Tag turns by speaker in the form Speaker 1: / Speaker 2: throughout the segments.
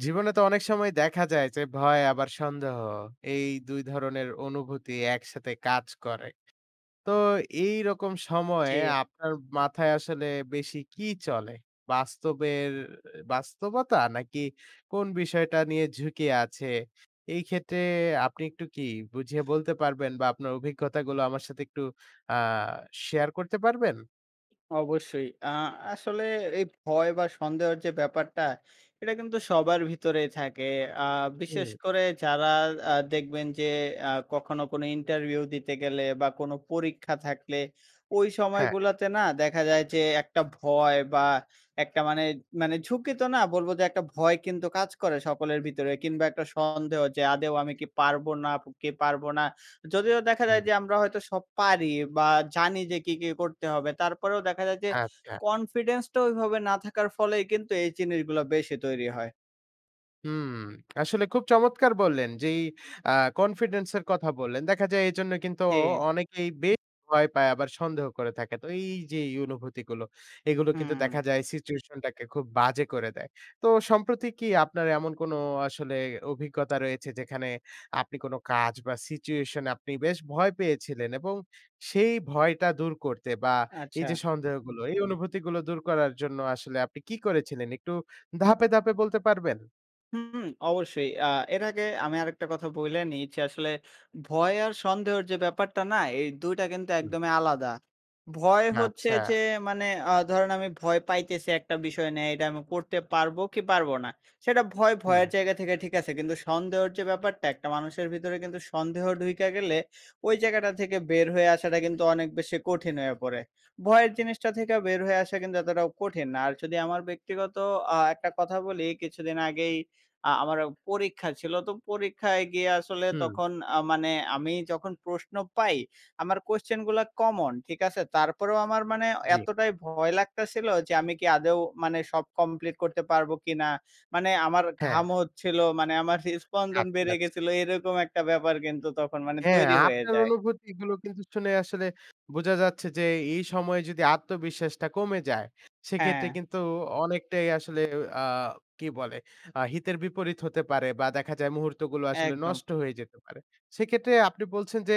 Speaker 1: জীবনে তো অনেক সময় দেখা যায় যে ভয় আবার সন্দেহ, এই ২ ধরনের অনুভূতি একসাথে কাজ করে। তো এইরকম সময়ে
Speaker 2: জি।
Speaker 1: আপনার মাথায় আসলে বেশি কি চলে? বাস্তবের বাস্তবতা নাকি কোন বিষয়টা নিয়ে ঝুঁকি আছে? এই ক্ষেত্রে আপনি একটু কি বুঝিয়ে বলতে পারবেন বা আপনার অভিজ্ঞতাগুলো আমার সাথে একটু আ শেয়ার করতে পারবেন?
Speaker 2: অবশ্যই আ আসলে এই ভয় বা সন্দেহের যে ব্যাপারটা, এটা কিন্তু সবার ভিতরেই থাকে। আ বিশেষ
Speaker 1: হুম।
Speaker 2: করে যারা আ দেখবেন যে আ কখনো কোনো ইন্টারভিউ দিতে গেলে বা কোনো পরীক্ষা থাকলে, ওই
Speaker 1: হ্যাঁ।
Speaker 2: সময়গুলোতে না দেখা যায় যে একটা ভয় বা একটা মানে মানে ঝুঁকি তো না। বলবো যে একটা ভয় কিন্তু কাজ করে সকলের ভিতরে কিংবা একটা সন্দেহ যে, "আদৌ আমি কি পারবো নাকি পারবো না।" যদিও দেখা
Speaker 1: হুম।
Speaker 2: যায় যে আমরা হয়তো সব পারি বা জানি যে কী, কী করতে হবে। তারপরেও দেখা যায় যে
Speaker 1: আচ্ছা।
Speaker 2: কনফিডেন্সটা ওইভাবে না থাকার ফলেই কিন্তু এই জিনিসগুলো বেশি তৈরি হয়।
Speaker 1: হুম, আসলে খুব চমৎকার বললেন যে এই আ কনফিডেন্স এর কথা বললেন। দেখা যায় এজন্যই কিন্তু
Speaker 2: জি।
Speaker 1: অনেকেই বেশ ভয় পায়, আবার সন্দেহ করে থাকে। তো এই যে এই অনুভূতিগুলো এগুলো কিন্তু দেখা
Speaker 2: হুম।
Speaker 1: যায় সিচুয়েশনটাকে খুব বাজে করে দেয়। তো সম্প্রতি কি আপনার এমন কোন আসলে অভিজ্ঞতা রয়েছে যেখানে আপনি কোন কাজ বা সিচুয়েশনে আপনি বেশ ভয় পেয়েছিলেন এবং সেই ভয়টা দূর করতে বা এই যে
Speaker 2: আচ্ছা।
Speaker 1: সন্দেহগুলো এই অনুভূতিগুলো দূর করার জন্য আসলে আপনি কী করেছিলেন? একটু ধাপে, ধাপে বলতে পারবেন?
Speaker 2: হুম, অবশ্যই। আ এর আগে আমি আরেকটা কথা বইলা নেই যে আসলে ভয় আর সন্দহর যে ব্যাপারটা না? এই ২ টা কিন্তু
Speaker 1: হুম।
Speaker 2: একদমই আলাদা। ভয় হচ্ছে যে
Speaker 1: আচ্ছা।
Speaker 2: মানে আ ধরেন আমি ভয় পাইতেছি ১ টা বিষয় নিয়ে এইডা আমি করতে পারবো কি পারব না?সেটা ভয়
Speaker 1: হুম।
Speaker 2: ভয়ের জায়গা থেকে ঠিক আছে। কিন্তু সন্দেহর যে ব্যাপারটা ১ টা মানুষের ভিতরে কিন্তু সন্দেহ ঢুইকা গেলে ওই জায়গাটা থেকে বের হয়ে আসাটা কিন্তু অনেক বেশি কঠিন হয়ে পড়ে। ভয়ের জিনিসটা থেকে বের হয়ে আসছে কিন্তু এতটাও কঠিন না। আর যদি আমার ব্যক্তিগত আ একটা কথা বলি কিছুদিন আগেই আ আমার পরীক্ষা ছিল। তো পরীক্ষায় গিয়া আসলে
Speaker 1: হুম।
Speaker 2: তখন আ মানে আমি যখন প্রশ্ন পাই আমার কোশ্চেনগুলা কমন ঠিক আছে। তারপরেও আমার মানে
Speaker 1: জি।
Speaker 2: এতটাই ভয় লাগতা ছিলো যে আমি কি আদৌ মানে সব কমপ্লিট করতে পারবো কিনা, মানে আমার
Speaker 1: হ্যাঁ।
Speaker 2: ঘাম হচ্ছিলো মানে আমার হৃদ স্পন্দন
Speaker 1: আচ্ছা
Speaker 2: বেড়ে
Speaker 1: আছ
Speaker 2: গেছিলো এরকম একটা ব্যাপার কিন্তু তখন মানে
Speaker 1: হ্যাঁ,
Speaker 2: তৈরি হয়ে
Speaker 1: আপনার
Speaker 2: যায়।
Speaker 1: অনুভূতিগুলো কিন্তু শুনে আসলে বোঝা যাচ্ছে যে এই, এই সময়ে যদি আত্মবিশ্বাসটা কমে যায়, সেক্ষেত্রে
Speaker 2: হ্যাঁ।
Speaker 1: কিন্তু অনেকটাই আসলে উ আ কি বলে আ হিতের বিপরীত হতে পারে বা দেখা যায় মুহূর্তগুলো আসলে
Speaker 2: একদম।
Speaker 1: নষ্ট হয়ে যেতে পারে। সেক্ষেত্রে আপনি বলছেন যে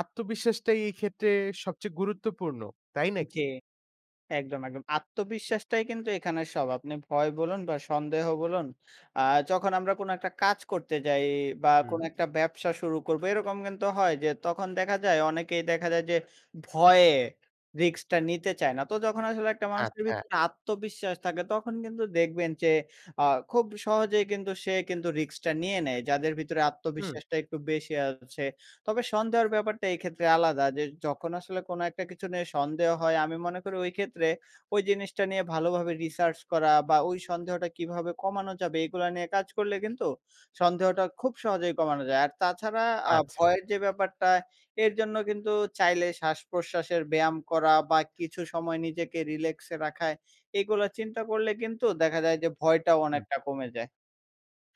Speaker 1: আত্মবিশ্বাসটাই এই ক্ষেত্রে সবচেয়ে গুরুত্বপূর্ণ। তাই
Speaker 2: জি
Speaker 1: নাকি?
Speaker 2: একদম, একদম। আত্মবিশ্বাসটাই কিন্তু এখানে সব আপনি ভয় বলুন বা সন্দেহ বলুন আ যখন আমরা কোনো একটা কাজ করতে যাই বা
Speaker 1: হুম।
Speaker 2: কোনো একটা ব্যবসা শুরু করব এরকম কিন্তু হয় যে তখন দেখা যায় অনেকেই দেখা যায় যে ভয়ে রিস্ক-টা নিতে চায় না। তো যখন আসলে একটা মানুষের
Speaker 1: আচ্ছা।
Speaker 2: ভিতরে আত্মবিশ্বাস থাকে তখন কিন্তু দেখবেন যে আ খুব সহজেই কিন্তু সে কিন্তু রিস্ক-টা নিয়ে নেয়, যাদের ভিতরে
Speaker 1: হুম।
Speaker 2: আত্মবিশ্বাসটা একটু বেশি আছে। তবে সন্দেহের ব্যাপারটা এক্ষেত্রে আলাদা যে যখন আসলে কোনো ১ টা কিছু নিয়ে সন্দেহ হয় আমি মনে করি ওই ক্ষেত্রে ওই জিনিসটা নিয়ে ভালোভাবে রিসার্চ করা বা ওই সন্দেহটা কীভাবে কমানো যাবে এগুলা নিয়ে কাজ করলে কিন্তু সন্দেহটা খুব সহজেই কমানো যায়। আর তাছাড়া আ
Speaker 1: আচ্ছা।
Speaker 2: ভয়ের যে ব্যাপারটা এর জন্য কিন্তু চাইলে শ্বাসপ্রশ্বাসের ব্যায়াম করা বা কিছু সময় নিজেকে রিল্যাক্সে রাখা, এগুলো চিন্তা করলে কিন্তু দেখা যায় যে ভয়টাও
Speaker 1: হুম।
Speaker 2: অনেকটা কমে যায়।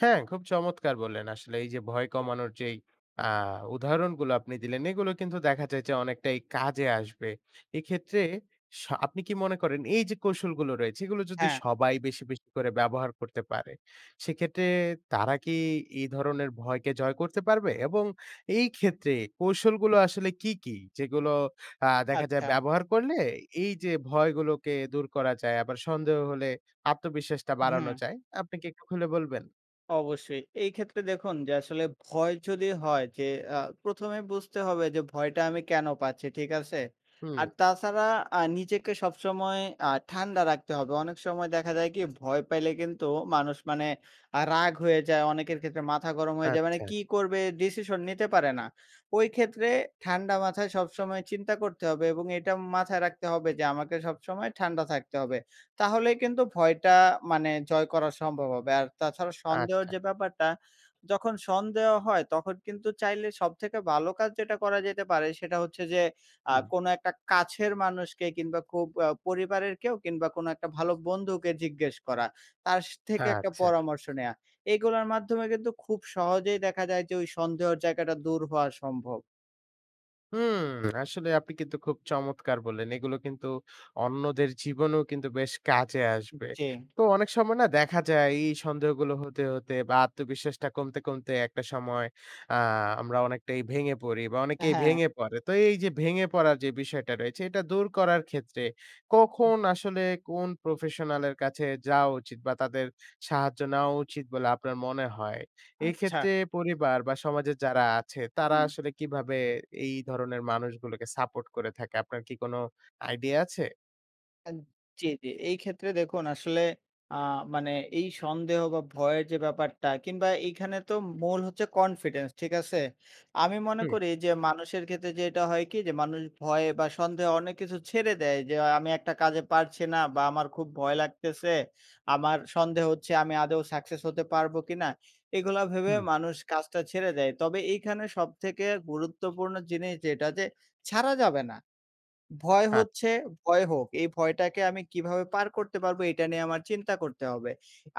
Speaker 1: হ্যাঁ, খুব চমৎকার বললেন আসলে এই যে ভয়
Speaker 2: এ
Speaker 1: কমানোর যেই আ উদাহারণগুলো আপনি দিলেন, এগুলো কিন্তু দেখা যায় যে অনেকটাই কাজে আসবে। এক্ষেত্রে স আপনি কি মনে করেন, এই যে কৌশলগুলো রয়েছে, এগুলো যদি
Speaker 2: হ্যাঁ।
Speaker 1: সবাই বেশি, বেশি করে ব্যবহার করতে পারে, সেক্ষেত্রে তারা কি এই ধরনের ভয়কে জয় করতে পারবে? এবং এই ক্ষেত্রে কৌশলগুলো আসলে কি, কি? যেগুলো আ দেখা যায়
Speaker 2: আচ্ছা।
Speaker 1: ব্যবহার করলে এই যে ভয়গুলোকে দূর করা যায় আবার সন্দেহ হলে আত্মবিশ্বাসটা
Speaker 2: উ
Speaker 1: বাড়ানো
Speaker 2: হুম।
Speaker 1: যায়, আপনি কি একটু খুলে বলবেন?
Speaker 2: অবশ্যই। এই ক্ষেত্রে দেখুন যে আসলে ভয় যদি হয় যে আ ১ম এই বুঝতে হবে যে ভয়টা আমি কেন পাচ্ছি, ঠিক আছে?
Speaker 1: হুম।
Speaker 2: আর তাছাড়া আ নিজেকে সবসময় আ ঠান্ডা রাখতে হবে অনেক সময় দেখা যায় কি ভয় পাইলে কিন্তু মানুষ মানে আ রাগ হয়ে যায় অনেকের ক্ষেত্রে মাথা গরম হয়ে যায়, মানে
Speaker 1: আচ্ছা।
Speaker 2: কী করবে ডিসিশন নিতে পারে না। ওই ক্ষেত্রে ঠান্ডা মাথায় সবসময় চিন্তা করতে হবে এবং এটা মাথায় রাখতে হবে যে আমাকে সবসময় ঠান্ডা থাকতে হবে। তাহলে কিন্তু ভয়টা মানে জয় করার সম্ভব হবে আর তাছাড়া সন্দেহর
Speaker 1: আচ্ছা।
Speaker 2: যে ব্যাপারটা, যখন সন্দেহ হয় তখন কিন্তু চাইলে সবথেকে ভালো কাজ যেটা করা যেতে পারে সেটা হচ্ছে যে আ
Speaker 1: হুম।
Speaker 2: কোনো একটা কাছের মানুষকে কিংবা খুব আ পরিবারের কেউ কিংবা কোনো একটা ভালো বন্ধুকে জিজ্ঞেস করা, তার স থেকে একটা
Speaker 1: আচ্ছা।
Speaker 2: পরামর্শ নেওয়া, এগুলার মাধ্যমে কিন্তু খুব সহজেই দেখা যায় যে ওই সন্দেহর জায়গাটা দূর হওয়া সম্ভব।
Speaker 1: হুম, আসলে আপনি কিন্তু খুব চমৎকার বললেন। এগুলো কিন্তু অন্যদের জীবনেও কিন্তু বেশ কাজে
Speaker 2: উম
Speaker 1: আসবে।
Speaker 2: জি।
Speaker 1: তো অনেক সময় না দেখা যায় এই সন্দেহগুলো হতে, হতে বা আত্মবিশ্বাসটা কমতে, কমতে একটা সময় আ আমরা অনেকটাই ভেঙে পড়ি বা অনেকেই
Speaker 2: হ্যাঁ।
Speaker 1: ভেঙে পড়ে। তো এই যে ভেঙে পড়ার যে বিষয়টা রয়েছে এটা দূর করার ক্ষেত্রে কখন আসলে কোন প্রফেশনালের কাছে যাওয়া উচিত? বা তাদের সাহায্য নেওয়া উচিত বলে আপনার মনে হয়? এই
Speaker 2: আচ্ছা।
Speaker 1: ক্ষেত্রে পরিবার বা সমাজের যারা আছে তারা
Speaker 2: হুম।
Speaker 1: আসলে কীভাবে এই ধরনের মানুষগুলোকে সাপোর্ট করে থাকে? আপনার কি কোন আইডিয়া আছে?
Speaker 2: আ জি, জি এই ক্ষেত্রে দেখুন আসলে আ মানে এই সন্দেহ বা ভয়ের যে ব্যাপারটা কিংবা এইখানে তো মূল হচ্ছে কনফিডেন্স ঠিক আছে? আমি মনে
Speaker 1: হুম।
Speaker 2: করি যে মানুষের ক্ষেত্রে যে এটা হয় কি যে মানুষ ভয় বা সন্দেহে অনেক কিছু ছেড়ে দেয়। যে, "আমি একটা কাজে পারছি না বা আমার খুব ভয় লাগতেছে আমার সন্দেহ হচ্ছে, আমি আদৌ সাক্সেস হতে পারব কিনা?" এগুলা ভেবে
Speaker 1: হুম।
Speaker 2: মানুষ কাজটা ছেড়ে দেয়। তবে এইখানে সবথেকে গুরুত্বপূর্ণ জিনিস যেটা যে ছাড়া যাবে না, ভয়
Speaker 1: আচ্ছা।
Speaker 2: হচ্ছে ভয় হোক। এই ভয়টাকে আমি কিভাবে পার করতে পারব এটা নিয়ে আমার চিন্তা করতে হবে।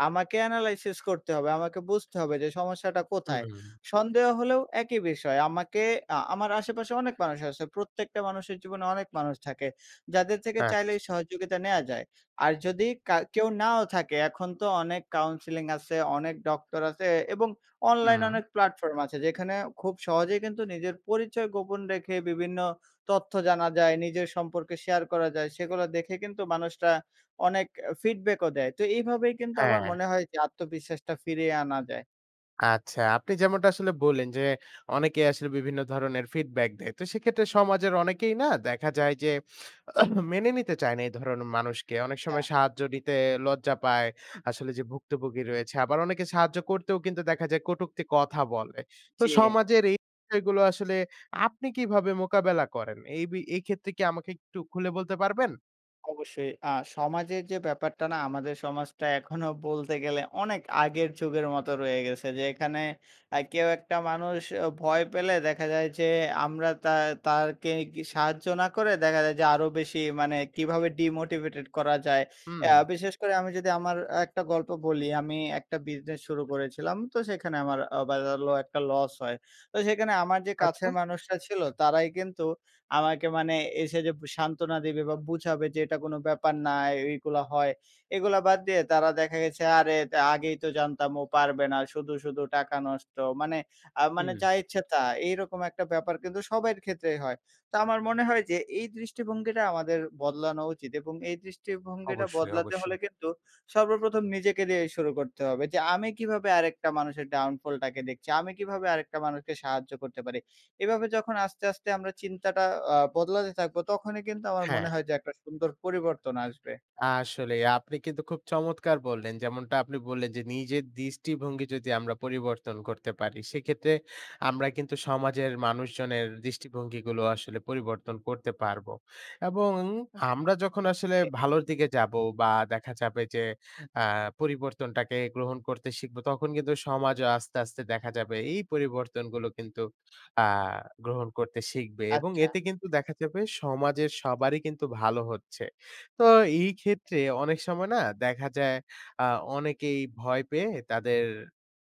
Speaker 2: আমাকে analysis করতে হবে, আমাকে বুঝতে হবে যে সমস্যাটা কোথায়।
Speaker 1: হুম।
Speaker 2: সন্দেহ হলেও একই বিষয় আমাকে আ আমার আশেপাশে অনেক মানুষ আছে প্রত্যেকটা মানুষের জীবনে অনেক মানুষ থাকে। যাদের থেকে চাইলে
Speaker 1: আচ্ছা।
Speaker 2: এই সহযোগিতা নেওয়া যায়। আর যদি কার কেউ নাও থাকে এখন তো অনেক কাউন্সেলিং আছে অনেক ডক্টর আছে এবং অনলাইনে
Speaker 1: হুম।
Speaker 2: অনেক প্ল্যাটফর্ম আছে। যেখানে খুব সহজেই কিন্তু নিজের পরিচয় গোপন রেখে বিভিন্ন তথ্য জানা যায়। নিজের সম্পর্কে শেয়ার করা যায়। সেগুলা দেখে কিন্তু মানুষরা অনেক অ ফিডব্যাকও দেয়। তো এইভাবেই কিন্তু আমার
Speaker 1: হ্যাঁ।
Speaker 2: মনে হয় যে আত্মবিশ্বাসটা ফিরিয়ে আনা যায়।
Speaker 1: আচ্ছা, আপনি যেমনটা আসলে বললেন যে অনেকেই আসলে বিভিন্ন ধরনের ফিডব্যাক দেয়। তো সেক্ষেত্রে সমাজের অনেকেই না দেখা যায় যে মেনে নিতে চায় না এই ধরনের মানুষকে। অনেক সময়
Speaker 2: আচ্ছা।
Speaker 1: সাহায্য নিতে লজ্জা পায়। আসলে যে ভুক্তভুগি রয়েছে। আবার অনেকে সাহায্য করতেও কিন্তু দেখা যায় কটুক্তি কথা বলে। তো
Speaker 2: জ্বি।
Speaker 1: সমাজের এই বিষয়গুলো আসলে আপনি কিভাবে মোকাবেলা করেন? এই বি এই ক্ষেত্রে কি আমাকে একটু খুলে বলতে পারবেন?
Speaker 2: অবশ্যই। আ সমাজের যে ব্যাপারটা না আমাদের সমাজটা এখনো বলতে গেলে অনেক আগের যুগের মতো রয়ে গেছে। যে এখানে আ কেউ একটা মানুষ ভয় পেলে দেখা যায় যে আমরা তা তাকে সাহায্য না করে দেখা যায় যে আরো বেশি মানে কীভাবে ডিমোটিভেটেড করা যায়? আ
Speaker 1: হুম।
Speaker 2: বিশেষ করে আমি যদি আমার একটা গল্প বলি। আমি একটা বিজনেস শুরু করেছিলাম। তো সেখানে আমার আ [unintelligible] ল একটা লস হয়। তো সেখানে আমার যে
Speaker 1: আচ্ছা।
Speaker 2: কাছের মানুষটা ছিল তারাই কিন্তু আমাকে মানে এসে যে সান্ত্বনা দিবে বা বুঝাবে যে, "এটা কোনো ব্যাপার না। এই গুলো হয়।" এগুলা বাদ দিয়ে তারা দেখা গেছে, "আরে আগেই তো জানতাম ও পারবে না। শুধু, শুধু টাকা নষ্ট।" মানে আ মানে
Speaker 1: হুম।
Speaker 2: যা ইচ্ছা তা। এইরকম একটা ব্যাপার কিন্তু সবার ক্ষেত্রেই হয়। তো আমার মনে হয় যে এই দৃষ্টিভঙ্গিটা আমাদের বদলানো উচিত এবং এই দৃষ্টিভঙ্গিটা
Speaker 1: অবশ্যই,
Speaker 2: বদলাতে হলে
Speaker 1: অবশ্যই।
Speaker 2: কিন্তু সর্বপ্রথম নিজেকে দিয়েই শুরু করতে হবে যে, "আমি কীভাবে আরেকটা মানুষের ডাউন ফলটাকে দেখছি? আমি কীভাবে আরেকটা মানুষকে সাহায্য করতে পারি?" এভাবে যখন আস্তে, আস্তে আমরা চিন্তাটা আ বদলাতে থাকবো, তখনই কিন্তু আমার
Speaker 1: হ্যাঁ।
Speaker 2: মনে হয় যে একটা সুন্দর পরিবর্তন আসবে।
Speaker 1: আসলেই। আপনি কিন্তু খুব চমৎকার বললেন যেমনটা আপনি বললেন যে নিজের দৃষ্টিভঙ্গি যদি আমরা পরিবর্তন করতে পারি, সেক্ষেত্রে আমরা কিন্তু সমাজের মানুষজনের দৃষ্টিভঙ্গিগুলো আসলে পরিবর্তন করতে পারবো। এবং আমরা যখন আসলে
Speaker 2: ওকে।
Speaker 1: ভালোর দিকে যাবো বা দেখা যাবে যে আ পরিবর্তনটাকে গ্রহণ করতে শিখবো তখন কিন্তু সমাজও আস্তে, আস্তে দেখা যাবে এই পরিবর্তনগুলো কিন্তু আ গ্রহণ করতে শিখবে এবং
Speaker 2: আচ্ছা।
Speaker 1: এতে কিন্তু দেখা যাবে সমাজের সবারই কিন্তু ভালো হচ্ছে। তো এই ক্ষেত্রে অনেক সময় না দেখা যায় আ অনেকেই ভয় পেয়ে তাদের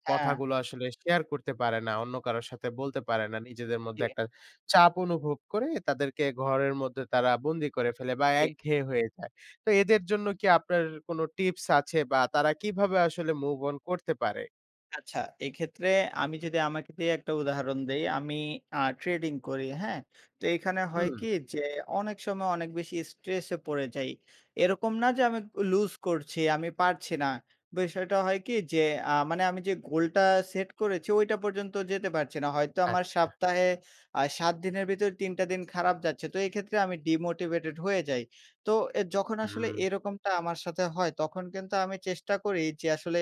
Speaker 2: হ্যাঁ।
Speaker 1: কথাগুলো আসলে শেয়ার করতে পারে না অন্য কারোর সাথে বলতে পারে না। নিজেদের মধ্যে
Speaker 2: জ্বি।
Speaker 1: একটা চাপ অনুভব করে তাদেরকে ঘরের মধ্যে তারা বন্দি করে ফেলে বা
Speaker 2: জ্বি।
Speaker 1: একঘেয়ে হয়ে যায়। তো এদের জন্য কি আপনার কোন টিপস আছে বা তারা কীভাবে আসলে মুভ অন করতে পারে?
Speaker 2: আচ্ছা। এইক্ষেত্রে আমি যদি আমাকে দিয়ে একটা উদাহরণ দেই আমি আ ট্রেডিং করি হ্যাঁ? তো এখানে হয়
Speaker 1: হুম।
Speaker 2: কি? যে অনেক সময় অনেক বেশি স্ট্রেসে পড়ে যাই। এরকম না যে আমি ক লুস করছি, আমি পারছি না, বিষয়টা হয় কি? যে আ মানে আমি যে গোলটা সেট করেছি ঐটা পর্যন্ত যেতে পারছি না। হয়তো আমার
Speaker 1: আচ্ছা।
Speaker 2: সপ্তাহে আ ৭ দিনের ভেতরে ৩ টা দিন খারাপ যাচ্ছে। তো এই ক্ষেত্রে আমি ডিমোটিভেটেড হয়ে যাই। তো এ যখন আসলে
Speaker 1: হুম।
Speaker 2: এরকমটা আমার সাথে হয়, তখন কিন্তু আমি চেষ্টা করি যে আসলে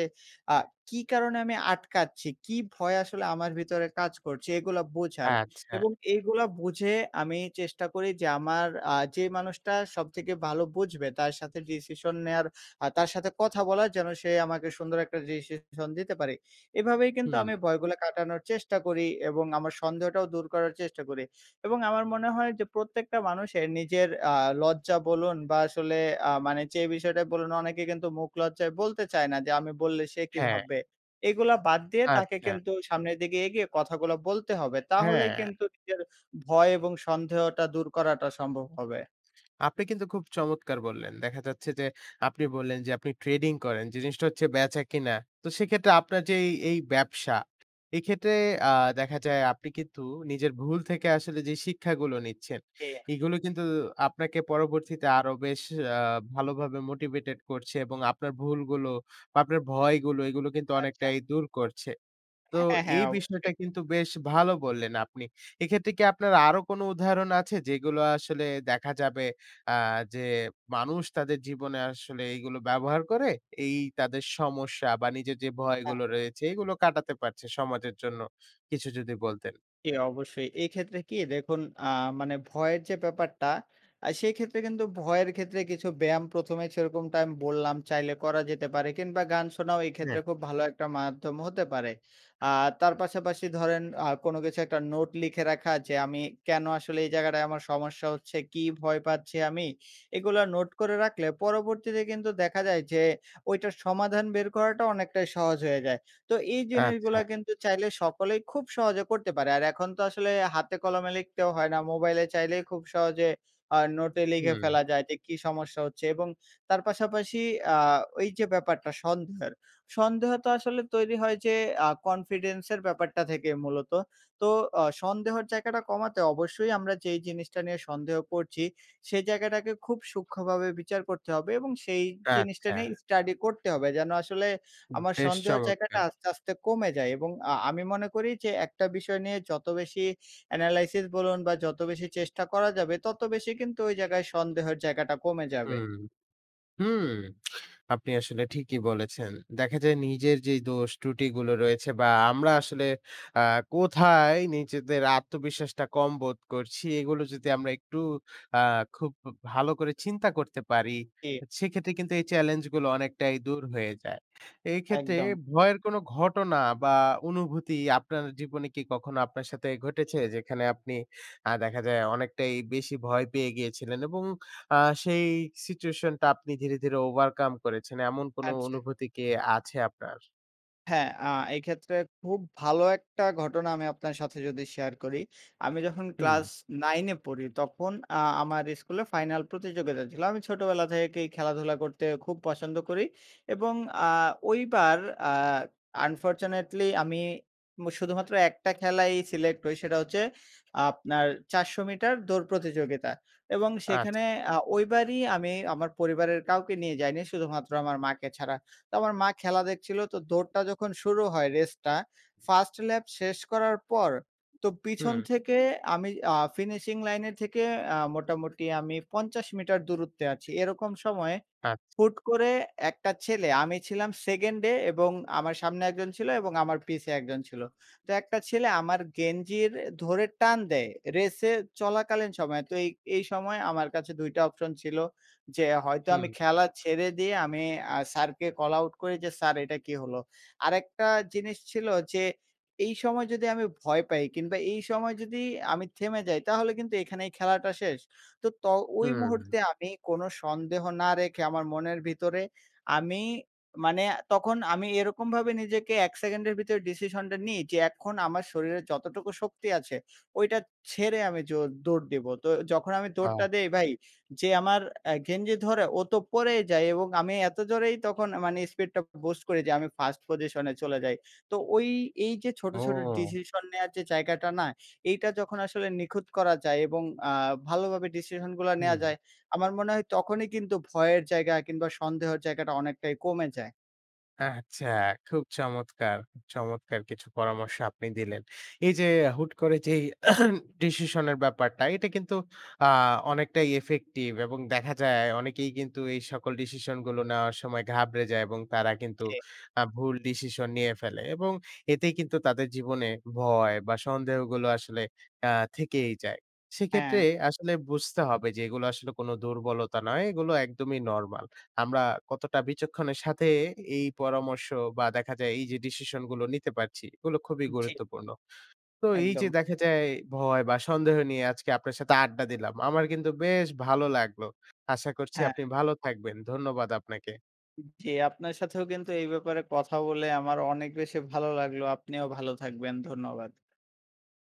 Speaker 2: আ "কী কারণে আমি আটকাচ্ছি? কী ভয় আসলে আমার ভিতরে কাজ করছে?" এগুলা বোঝার
Speaker 1: আচ্ছা।
Speaker 2: এবং এগুলা বুঝে আমি চেষ্টা করি যে আমার আ যে মানুষটা সবথেকে ভালো বুঝবে তার সাথে ডিসিশন নেয়ার, আ তার সাথে কথা বলার যেন সে আমাকে সুন্দর একটা ডিসিশন দিতে পারে। এভাবেই কিন্তু
Speaker 1: হুম।
Speaker 2: আমি ভয়গুলা কাটানোর চেষ্টা করি এবং আমার সন্দেহটাও দূর করার চেষ্টা করি। এবং আমার মনে হয় যে প্রত্যেকটা মানুষের নিজের আ লজ্জা বলুন বা আসলে আ মানে যে বিষয়টা বলুন, অনেকে কিন্তু মুখ লজ্জায় বলতে চায় না যে, "আমি বললে সে কী
Speaker 1: হ্যাঁ।
Speaker 2: ভাববে?" এগুলা বাদ দিয়ে তাকে
Speaker 1: আচ্ছা।
Speaker 2: কিন্তু সামনের দিকে এগিয়ে কথাগুলা বলতে হবে। তাহলেই
Speaker 1: হ্যাঁ।
Speaker 2: কিন্তু নিজের ভয় এবং সন্দেহটা দূর করাটা সম্ভব হবে।
Speaker 1: আপনি কিন্তু খুব চমৎকার বললেন। দেখা যাচ্ছে যে আপনি বললেন যে আপনি ট্রেডিং করেন, যে জিনিসটা হচ্ছে বেচা-কিনা। তো সেক্ষেত্রে আপনার যেই এই ব্যবসা, এই ক্ষেত্রে আ দেখা যায় আপনি কিন্তু নিজের ভুল থেকে আসলে যে শিক্ষাগুলো নিচ্ছেন,
Speaker 2: জি।
Speaker 1: এগুলো কিন্তু আপনাকে পরবর্তীতে আরো বেশ আ ভালোভাবে মোটিভেটেড করছে এবং আপনার ভুলগুলো, বা আপনার ভয়গুলো, এগুলো কিন্তু
Speaker 2: আচ্ছা।
Speaker 1: অনেকটাই দূর করছে। তো
Speaker 2: হ্যাঁ, হ্যাঁ।
Speaker 1: এই বিষয়টা
Speaker 2: অবশ্যই।
Speaker 1: কিন্তু বেশ ভালো বললেন আপনি। এক্ষেত্রে কি আপনার আরো কোনো উদাহরণ আছে যেগুলো আসলে দেখা যাবে আ যে মানুষ তাদের জীবনে আসলে এইগুলো ব্যবহার করে এই তাদের সমস্যা বা নিজের যে
Speaker 2: হ্যাঁ।
Speaker 1: ভয়গুলো রয়েছে এগুলো কাটাতে পারছে সমাজের জন্য? কিছু যদি বলতেন?
Speaker 2: জি, অবশ্যই। এক্ষেত্রে কি? দেখুন আ মানে ভয়ের যে ব্যাপারটা আ সেই ক্ষেত্রে কিন্তু ভয়ের ক্ষেত্রে কিছু ব্যায়াম ১ম এ সেরকমটা আমি বললাম চাইলে করা যেতে পারে। কিংবা গান শোনাও এই
Speaker 1: হ্যাঁ।
Speaker 2: ক্ষেত্রে খুব ভালো একটা মাধ্যম হতে পারে। আর তার পাশাপাশি ধরেন আ কোনো কিছু একটা নোট লিখে রাখা যে, "আমি কেন আসলে এই জায়গাটায় আমার সমস্যা হচ্ছে? কী ভয় পাচ্ছি আমি?" এগুলা নোট করে রাখলে পরবর্তীতে কিন্তু দেখা যায় যে ওইটার সমাধান বের করাটা অনেকটাই সহজ হয়ে যায়। তো এই
Speaker 1: আচ্ছা।
Speaker 2: জিনিসগুলো কিন্তু চাইলে সকলেই খুব সহজে করতে পারে। আর এখন তো আসলে হাতে কলমে লিখতেও হয় না, মোবাইলে চাইলেই খুব সহজে আ নোটে লিখে
Speaker 1: হুম।
Speaker 2: ফেলা যায় যে কী সমস্যা হচ্ছে? এবং তার পাশাপাশি আ ওইযে ব্যাপারটা সন্দেহের। সন্দেহ তো আসলে তৈরি হয় যে আ কনফিডেন্সের ব্যাপারটা থেকেই মূলত। তো অ সন্দেহর জায়গাটা কমাতে অবশ্যই আমরা যেই জিনিসটা নিয়ে সন্দেহ করছি, সেই জায়গাটাকে খুব সূক্ষ্মভাবে বিচার করতে হবে। এবং সেই জিনিসটা
Speaker 1: আচ্ছা।
Speaker 2: নিয়ে স্টাডি করতে হবে যেন আসলে
Speaker 1: উ
Speaker 2: আমার
Speaker 1: বেশ
Speaker 2: সন্দেহর জায়গাটা
Speaker 1: চমৎকার!
Speaker 2: আস্তে, আস্তে কমে যায়। এবং আ আমি মনে করি যে একটা বিষয় নিয়ে যত বেশি অ্যানালাইসিস বলুন বা যত বেশি চেষ্টা করা যাবে, তত বেশি কিন্তু ওই জায়গায় সন্দেহের জায়গাটা কমে যাবে।
Speaker 1: হুম, হুম। আপনি আসলে ঠিকই বলেছেন। দেখা যায় নিজের যে দোষ ত্রুটিগুলো রয়েছে বা আমরা আসলে আ কোথায় নিজেদের আত্মবিশ্বাসটা কম বোধ করছি
Speaker 2: হ্যাঁ।
Speaker 1: এগুলো যদি আমরা একটু আ খুব উ ভালো করে চিন্তা করতে পারি,
Speaker 2: জ্বি।
Speaker 1: সেক্ষেত্রে কিন্তু এই চ্যালেঞ্জ গুলো অনেকটাই দূর হয়ে যায়। এক্ষেত্রে
Speaker 2: একদম।
Speaker 1: ভয়ের কোন ঘটনা বা অনুভূতি আপনার জীবনে কি কখনো আপনার সাথে ঘটেছে? যেখানে আপনি আ দেখা যায় অনেকটাই বেশি ভয় পেয়ে গিয়েছিলেন? এবং আ সেই সিচুয়েশনটা আপনি ধীরে, ধীরে ওভারকাম করেছেন। এমন কোনো
Speaker 2: আচ্ছা।
Speaker 1: অনুভূতি কি আছে আপনার?
Speaker 2: হ্যাঁ, আ এই ক্ষেত্রে খুব ভালো একটা ঘটনা আমি আপনার সাথে যদি শেয়ার করি, আমি যখন ক্লাস
Speaker 1: হুম।
Speaker 2: 9 এ পড়ি তখন আ আমার স্কুলে ফাইনাল প্রতিযোগিতা ছিল। আমি ছোটবেলা থেকেই খেলাধুলা করতে খুব পছন্দ করি এবং আ ওইবার আ আনফরচুনেটলি আমি উম শুধুমাত্র একটা খেলায়ই সিলেক্ট হই। সেটা হচ্ছে আপনার ৪০০ মিটার দৌড় প্রতিযোগিতা। এবং
Speaker 1: আচ্ছা।
Speaker 2: সেখানে আ ওইবারই আমি আমার পরিবারের কাউকে নিয়ে যাইনি, শুধুমাত্র আমার মাকে ছাড়া। তো আমার মা খেলা দেখছিলো। তো দৌড়টা যখন শুরু হয়, রেসটা 1st ল্যাপ শেষ করার পর তো পিছন
Speaker 1: হুম
Speaker 2: থেকে আমি আ ফিনিশিং লাইনের থেকে আ মোটামুটি আমি ৫০ মিটার দূরত্বে আছি। এরকম সময়
Speaker 1: আচ্ছা।
Speaker 2: হুট করে একটা ছেলে, আমি ছিলাম 2nd এ এবং আমার সামনে একজন ছিল এবং আমার পিছে একজন ছিল। তো একটা ছেলে আমার গেঞ্জির ধরে টান দেয় রেসে চলাকালীন সময়ে। তো এই, এই সময় আমার কাছে ২ টা অপশন ছিল। যে হয়তো আমি
Speaker 1: হুম।
Speaker 2: খেলা ছেড়ে দিয়ে আমি আ স্যারকে কল আউট করি যে, "স্যার, এটা কী হলো?" আরেকটা জিনিস ছিল যে, এই সময় যদি আমি ভয় পাই কিংবা এই সময় যদি আমি থেমে যাই তাহলে কিন্তু এখানেই খেলাটা শেষ। তো, ত ওই
Speaker 1: হুম।
Speaker 2: মুহূর্তে আমি কোনো সন্দেহ না রেখে আমার মনের ভিতরে আমি মানে তখন আমি এরকমভাবে নিজেকে ১ সেকেন্ডের ভিতরে ডিসিশনটা নিই যে, "আমার শরীরে যতটুকু শক্তি আছে, ওইটা ছেড়ে আমি জোর দৌড় দেব।" তো যখন আমি দৌড়টা
Speaker 1: আহ!
Speaker 2: দেই ভাই, যে আমার আ গেঞ্জি ধরে ও তো পড়েই যায় এবং আমি এত জোরেই তখন মানে স্পিডটা বুস্ট করি যে আমি 1st পজিশনে চলে যাই। তো ওই এইযে ছোটো, ছোটো
Speaker 1: ও!
Speaker 2: ডিসিশন নেওয়ার যে জায়গাটা না, এইটা যখন আসলে নিখুঁত করা যায় এবং আ ভালোভাবে ডিসিশনগুলা নেওয়া
Speaker 1: হুম।
Speaker 2: যায় আমার মনে হয় তখনই কিন্তু ভয়ের জায়গা কিংবা সন্দেহর জায়গাটা অনেকটাই কমে যায়।
Speaker 1: আচ্ছা, খুব চমৎকার! চমৎকার কিছু পরামর্শ আপনি দিলেন। এইযে হুট করে যেই ডিসিশন এর ব্যাপারটা এটা কিন্তু আ অনেকটাই ইফেক্টিভ এবং দেখা যায় অনেকেই কিন্তু এই সকল ডিসিশনগুলো নেওয়ার সময় ঘাবড়ে যায় এবং তারা কিন্তু
Speaker 2: জি।
Speaker 1: আ ভুল ডিসিশন নিয়ে ফেলে। এবং এতেই কিন্তু তাদের জীবনে ভয় বা সন্দেহগুলো আসলে আ থেকেই যায়। সেক্ষেত্রে
Speaker 2: হ্যাঁ।
Speaker 1: আসলে বুঝতে হবে যে এগুলো আসলে কোন দুর্বলতা নয়। এগুলো একদমই নরমাল। আমরা কতটা বিচক্ষণের সাথে এই পরামর্শ বা দেখা যায় এইযে ডিসিশন গুলো নিতে পারছি এগুলো খুবই
Speaker 2: জি।
Speaker 1: গুরুত্বপূর্ণ। তো এইযে
Speaker 2: একদম।
Speaker 1: দেখা যায় ভয় বা সন্দেহ নিয়ে আজকে আপনার সাথে আড্ডা দিলাম। আমার কিন্তু বেশ ভালো লাগলো। আশা করছি
Speaker 2: হ্যাঁ।
Speaker 1: আপনি ভালো থাকবেন। ধন্যবাদ আপনাকে।
Speaker 2: জ্বী, আপনার সাথেও কিন্তু এই ব্যাপারে কথা বলে আমার অনেক বেশি ভালো লাগলো। আপনিও ভালো থাকবেন। ধন্যবাদ।